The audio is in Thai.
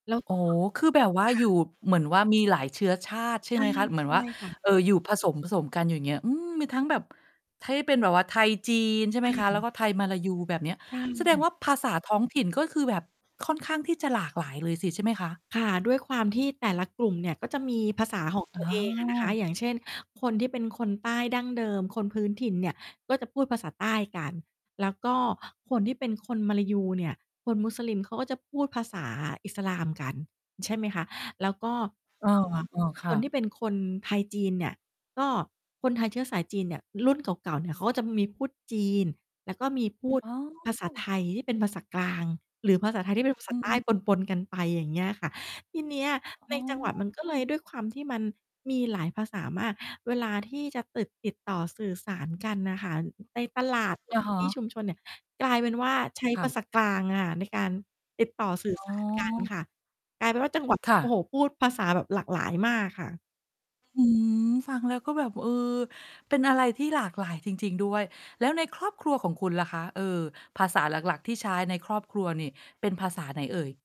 แล้ว โอก้็ โฮ คือแบบว่าค่อะ ยู่ เหมือนว่ามีหลายเชื้อชาติ ใชใ่ชไห่ มคะ เหมือนใชว่า ่ค่ะ เอ่อ อยู่ผสม ๆ กันอยู่ อย่างเงี้ย อืม มีทั้งแบบ ถ้า ที่เป็นแบบว่าไทย-จีน ใช่ไหคมคะ แล่้วะ ก็ไทย-มลายู แบบเนี้ย ใชแสดงว่ ่าภาษาท้องถิ่น ก็คือแบบค่อนข้างที่จะหลากหลายเลยสิใช่ไหมคะ? ค่ะ ด้วยความที่แต่ละกลุ่มเนี่ย ก็จะมีภาษาของ อตัว๋เองอะนะคะ อ อย่างเช่น คนที่เป็นคนใต้ดั้งเดิม คนพื้นถิ่นเนี่ย ก็จะพูดภาษาใต้กัน แล้วก็คนที่เป็นคนมลายูเนี่ย คนมุสลิมเขาก็จะพูดภาษาอิสลามกัน ใช่ไหมคะ แล้วก็ เออ เอ่อ เออ คค่ะ นที่เป็นคนไทย-จีนเนี่ย ก็คนไทยเชื้อสายจีนเนี่ย รุ่นเก่า ๆ เนี่ย เขาก็จะมีพูดจีน แล้วก็มีพูดอ๋อ ภาษาไทยที่เป็นภาษากลาง หรือภาษาไทยที่เป็นภาษอืาใต้ม ปน ๆ กันไป อย่างเงี้ยค่ะ ทีเนี้ยอใน๋จังหวัดมันก็เลอ ย ด้วยความที่มันมีหลายภาษามาก เวลาที่จะตึด ติดต่อสื่อสารกันน่ะค่ะ ในตลาด หรืออะใน ฮที่ะ ชุมชนเนี่ย กลายเป็นว่าใช้ค่ภาะ ษากลางค่ะ ในการติดต่อ สื่ออ๋สอ าร กันค่ะ กลายเป็นว่าจัง หวัดเคนี้่ย โอ้ะ โฮ พูดภาษาแบบหลากหลายมากค่ะ อืม ฟังแล้วก็แบบ เออ เป็นอะไรที่หลากหลายจริง ๆ ด้วย แล้วในครอบครัวของคุณล่ะคะ เออ ภาษา หลัก ๆ ที่ใช้ในครอบครัวนี่เป็นภาษาไหนเอ่ย?